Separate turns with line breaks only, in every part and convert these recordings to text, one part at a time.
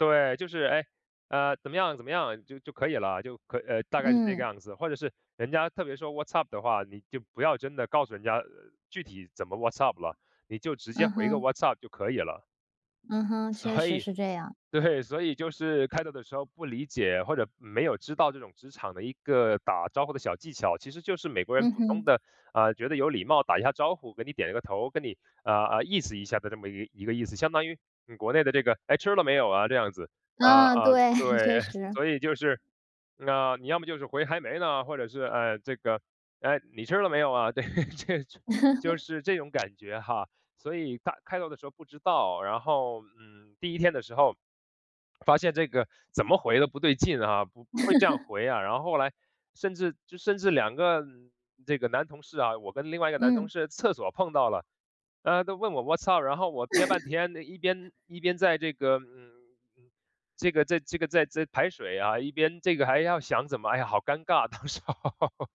对，就是，哎，呃，怎么样，怎么样就就可以了，就可呃，大概是这个
嗯。
样子。或者是人家特别说：“What’s up？” 的话，你就不要真的告诉人家，呃，具体怎么 What’s up？了，你就直接
嗯
回个：
哼。
“What’s up？” 就可以了。
嗯哼，确
所
实
以
是这样。
对，所以就是开头的时候不理解，或者没有知道这种职场的一个打招呼的小技巧，其实就是美国人
嗯
普通
哼。
的，呃，觉得有礼貌，打一下招呼，给你点一个头，跟你，呃，呃，意思一下的这么一一个意思，相当于你国内的这个“唉，吃了没有啊？”这样子。呃，
嗯，
呃，
对，确
对，
实。
所以就是那你要么就是回：“还没呢”，或者是，呃，这个，“唉，你吃了没有啊？”对，这种就 是这种感觉哈。所以他开头的时候不知道，然后，嗯，第一天的时候，发现这个怎么回都不对劲啊，不会这样 回啊。然后后来甚至就甚至2个这个男同事啊，我跟另外一个男同
嗯。
事厕所碰到了，呃，都问我："What’s up？"，然后我憋半 天，一边一边在这个，嗯，嗯，这个在这个在在排水啊，一边这个还要想怎么，哎呀，好尴尬。当时候，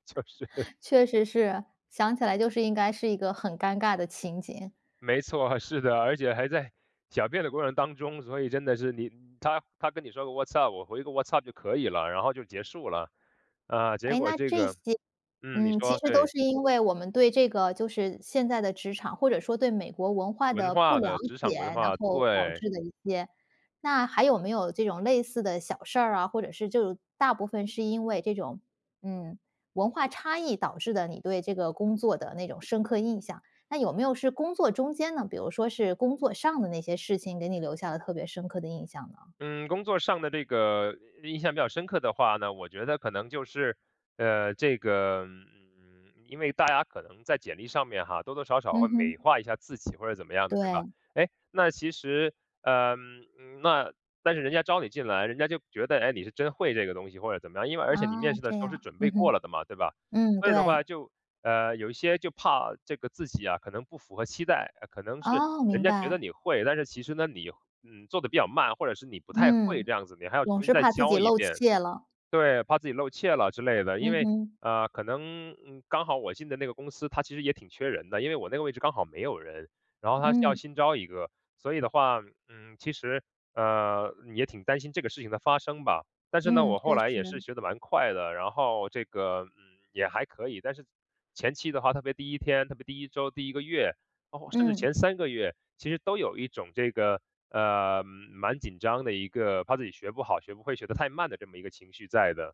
就是
确实是，想起来就是应该是一个很尴尬的情节。
没错，是的，而且还在小便的过程当中，所以真的是你他他跟你说个：“What’s up？”，我回个：“What’s up？” 就可以了，然后就结束了。啊，结
哎，
果
那
这
这
个
些
嗯，你
嗯，其
说，
实都
对。
是因为我们对这个就是现在的职场，或者说对美国文化
文
的不
化
了
的职场
解，
文
然
化，
后导
对。
致的一些那还有没有这种类似的小事儿啊，或者是就大部分是因为这种，嗯，文化差异导致的，你对这个工作的那种深刻印象？那有没有是工作中间呢？比如说是工作上的那些事情，给你留下了特别深刻的印象呢？
嗯，工作上的这个，印象比较深刻的话呢，我觉得可能就是，呃，这个嗯，嗯，因为大家可能在简历上面哈，多多少少
嗯
会
哼。
美化一下自己或者怎么样的，对吧？
对。
哎，那其实，呃，嗯，那但是人家招你进来，人家就觉得，哎，你是真会这个东西或者怎么样，因为而且你面
哦，
试的时
这
候是
样。
准备
嗯
过
哼，
了的嘛，对吧？
嗯，
所以的话
对。
就，呃，有一些就怕这个自己啊，可能不符合期待，可能是
哦，
人
明
家觉得
白。
你会，但是其实呢，你，嗯，做得比较慢，或者是你不太会
嗯，
这样子，你还要重
总
新
是
再
怕自
教
己
一
露
遍。
怯了。
对，怕自己露怯了之类的。因
嗯
为，
哼。
呃，可能，嗯，刚好我进的那个公司，它其实也挺缺人的，因为我那个位置刚好没有人，然后它是要
嗯。
新招一个，所以的话，嗯，其实，呃，也挺担心这个事情的发生吧。但是呢，
嗯，
我后
确
来也是
实。
学得蛮快的，然后这个，嗯，也还可以，但是前期的话，特别第1天，特别第1周，第1个月，包括甚至
嗯。
前3个月，其实都有一种这个，呃，蛮紧张的一个，怕自己学不好、学不会、学得太慢的这么一个情绪在的。